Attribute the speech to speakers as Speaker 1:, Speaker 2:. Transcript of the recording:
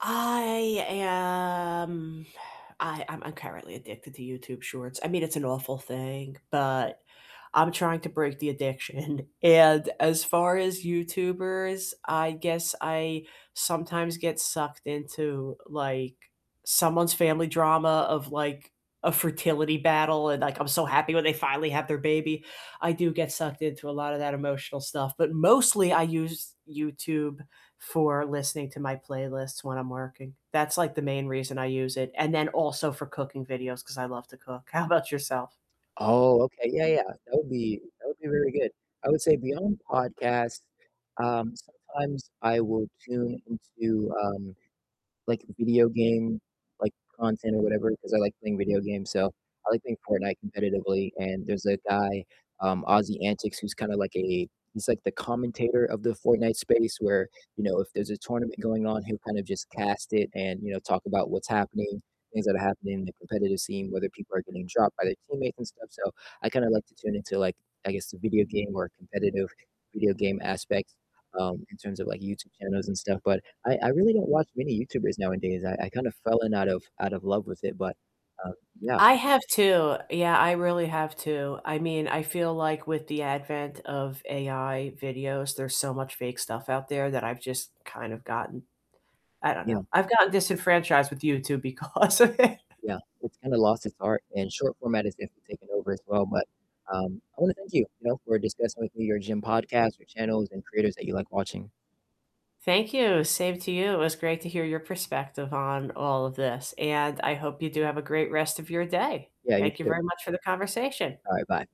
Speaker 1: I am I I'm currently addicted to YouTube Shorts, I mean, it's an awful thing, but I'm trying to break the addiction, and as far as YouTubers, I guess I sometimes get sucked into, like, someone's family drama of, like, a fertility battle, and like, I'm so happy when they finally have their baby, I do get sucked into a lot of that emotional stuff, but mostly I use YouTube for listening to my playlists when I'm working, that's, like, the main reason I use it, and then also for cooking videos 'cause I love to cook. How about yourself?
Speaker 2: Oh, okay, yeah, yeah, that would be that would be really good, I would say beyond podcasts, um, sometimes I will tune into, um, like, video game, like, content or whatever, 'cause I like playing video games, so I like playing Fortnite competitively, and there's a guy, um, AussieAntics, who's kinda like a he's, like, the commentator of the Fortnite space where, you know, if there's a tournament going on, he'll kind of just cast it and, you know, talk about what's happening things that are happening in the competitive scene, whether people are getting dropped by their teammates and stuff, so I kinda like to tune into, like, I guess the video game or competitive video game aspect, um, in terms of, like, YouTube channels and stuff, but I I really don't watch many YouTubers nowadays. I I kind of fell in out of out of love with it, but, uh, yeah.
Speaker 1: I have too, yeah, I really have too, I mean, I feel like with the advent of AI videos, there's so much fake stuff out there that I've just kind of gotten I don't know,
Speaker 2: Yeah.
Speaker 1: I've gotten disenfranchised with YouTube because of it.
Speaker 2: Yeah, it's kinda lost its art, and short format has definitely taken over as well, but, um, I wanna thank you, you know, for discussing with me your gym podcasts, your channels, and creators that you like watching.
Speaker 1: Thank you, same to you, it was great to hear your perspective on all of this, and I hope you do have a great rest of your day.
Speaker 2: Yeah, you
Speaker 1: Thank you
Speaker 2: too.
Speaker 1: very much for the conversation.
Speaker 2: Alright, bye.